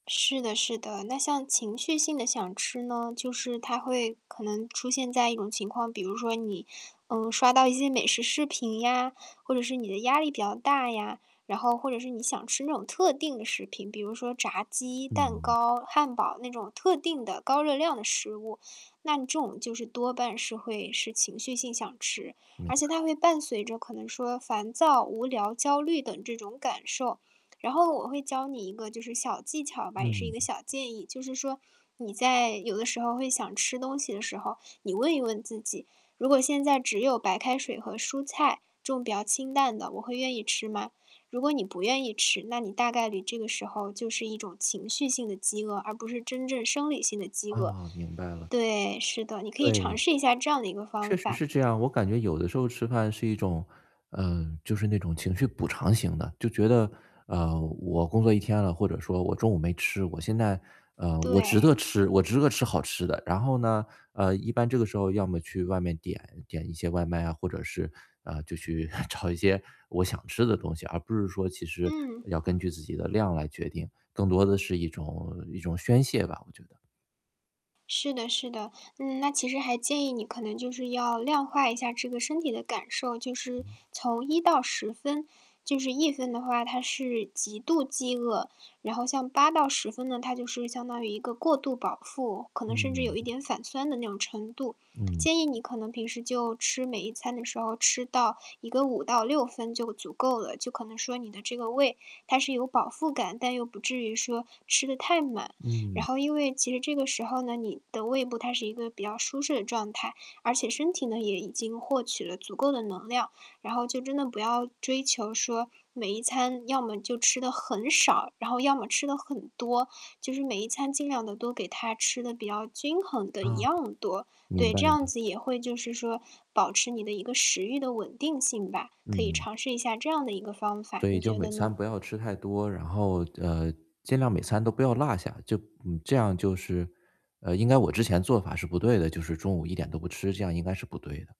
是的是的。那像情绪性地想吃呢，就是它会可能出现在一种情况，比如说你，嗯，刷到一些美食视频呀或者是你的压力比较大呀。然后或者是你想吃那种特定的食品，比如说炸鸡、蛋嗯。糕、汉堡那种特定的高热量的食物，那这种就是多半是会是情绪性想吃，而嗯。且它会伴随着可能说烦躁、无聊、焦虑等这种感受。然后我会教你一个就是小技巧吧，也是一嗯。个小建议，就是说你在有的时候会想吃东西的时候。你问一问自己：“如果现在只有白开水和蔬菜，这种比较清淡的，我会愿意吃吗？”如果你不愿意吃，那你大概率你这个时候就是一种情绪性的饥饿，而不是真正生理性的饥饿。哦，明白了。对，是的，你可以尝对，试一下这样的一个方确实法。是这样。我感觉有的时候吃饭是一种呃，就是那种情绪补偿型的，就觉得，呃，我工作一天了或者说我中午没吃，我现在呃，我值对。得吃我值得吃好吃的。然后呢，呃，一般这个时候要么去外面点点一些外卖啊，或者是，呃，就去 找一些我想吃的东西，而不是说其实嗯。要根据自己的量来决定，更多的是一种一种宣泄吧，我觉得。是的是的。嗯，那其实还建议你可能就是要量化一下这个身体的感受，就是嗯。从1到10分，就是1分的话，它是极度饥饿。然后像8到10分呢，它就是相当于一个过度饱腹，可能甚至有嗯。一点反酸的那种程度。嗯。建议你可能平时就吃每一餐的时候吃到一个5到6分就足够了，就可能说你的这个胃它是有饱腹感，但又不至于说吃得太满。然嗯。后因为其实这个时候呢，你的胃部它是一个比较舒适的状态，而且身体呢，也已经获取了足够的能量。然后就真的不要追求说，每一餐要么就吃得很少，然后要么吃得很多，就是每一餐尽量地都给它吃得比较均衡的一啊，样多。明对，白这样了。子也会就是说保持你的一个食欲的稳定性吧，可以嗯。尝试一下这样的一个方法，你对，就觉每得呢？餐不要吃太多。然后呃，尽量每餐都不要落下，就嗯，这样就是呃，应该我之前做法是不对的，就是中午一点都不吃，这样应该是不对的。